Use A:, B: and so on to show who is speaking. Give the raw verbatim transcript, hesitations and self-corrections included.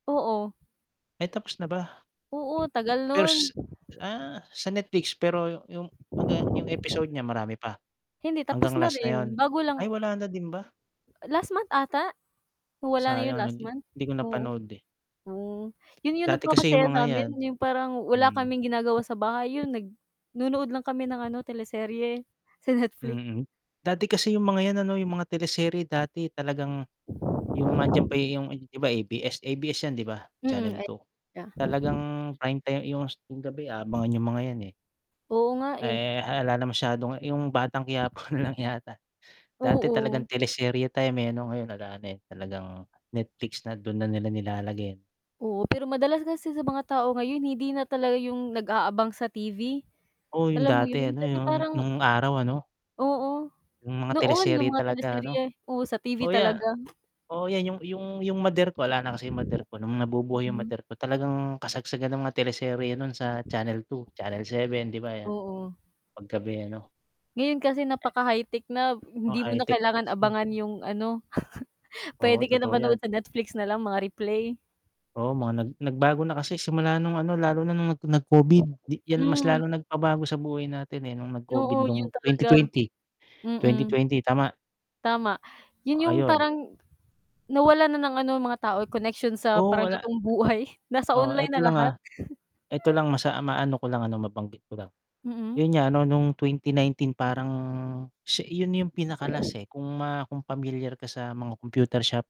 A: Oo.
B: Ay, tapos na ba?
A: Oo, tagal no'n.
B: First, ah, sa Netflix, pero yu 'yung hanggang 'yung episode niya marami pa?
A: Hindi tapos
B: Hanggang
A: na
B: last na 'yun?
A: rin. Bago
B: Ay,
A: lang
B: wala na din ba?
A: Last month ata, na wala na 'yun
B: Sayang
A: last
B: 'di
A: month,
B: hindi ko
A: oo.
B: napanood, eh.
A: Hmm, 'yun 'yung
B: Dati kasi 'yung
A: nagpapasaya
B: mga
A: sa'min
B: 'yan,
A: 'yung parang wala
B: hmm.
A: kaming ginagawa sa bahay, 'yun nag nonood lang kami ng ano, teleserye sa Netflix.
B: Mm, dati kasi 'yung mga 'yan ano 'yung mga teleserye dati talagang 'yung andiyan pa 'yung di ba, A-B-S, A-B-S 'yan, di ba,
A: Mm,
B: Channel
A: eh,
B: two?
A: ya
B: Talagang Prime time 'yung s gabi, aabangan 'yung mga 'yan, eh.
A: Oo nga, eh.
B: Eh, ala na masyadong 'yung Batang Quiapo na lang yata. Dati talagang
A: Oo.
B: teleserye time, eh, ano ngayon ala na, eh, talagang Netflix na, do'n na nila nilalagay, eh.
A: Oo. Pero madalas kasi sa mga tao ngayon, hindi na talaga 'yung nag-aabang sa T-V,
B: Oh, 'yung
A: alam mo
B: dati
A: 'yon,
B: ano,
A: kasi
B: 'yung
A: parang
B: no'ng araw ano.
A: Oo,
B: 'Yung mga
A: noon 'yung
B: teleserye
A: mga
B: talaga, ano?
A: teleserye, oo, sa T-V
B: Oh, ya
A: talaga.
B: o 'yan, 'yung 'yung mother ko, ala na kasi 'yung mother ko, no'ng nabubuhay 'yung
A: Mm.
B: mother ko talagang kasagsagan ng mga teleserye no'n sa Channel two, Channel seven, 'di ba, 'yan,
A: Oo.
B: 'pag gabi ano.
A: Ngayon kasi
B: Eh.
A: napaka-high-tech na,
B: Mga
A: hindi mo na
B: high-tech na
A: kailangan
B: kasi.
A: abangan 'yung ano,
B: Oo,
A: puwede ka na
B: totoo 'yan.
A: manood sa Netflix na lang mga replay.
B: Oo, mga nag nagbago na kasi simula no'ng, ano, lalo na no'ng nag nag-COVID, 'yan mas
A: Mm.
B: lalong nagpabago sa buhay natin, eh, no'ng nag-COVID
A: Oo, 'yun
B: no'ng twenty
A: talaga.
B: twenty, twenty
A: Mm.
B: twenty Tama?
A: Tama.
B: O,
A: 'Yun 'yung
B: ayun.
A: parang nawala na ng, ano, mga tao, connection sa
B: Oo,
A: parang
B: wala.
A: totoong buhay, nasa
B: Oh,
A: online
B: eto
A: na
B: lang,
A: lahat.
B: ah. Eto lang, masa ah, maano ko lang ano, mabanggit ko lang,
A: Mm.
B: 'yun nga ano no'ng twenty nineteen parang siya 'yun 'yung pinaka-last, eh. Kung ma kung pamilyar ka sa mga computer shop.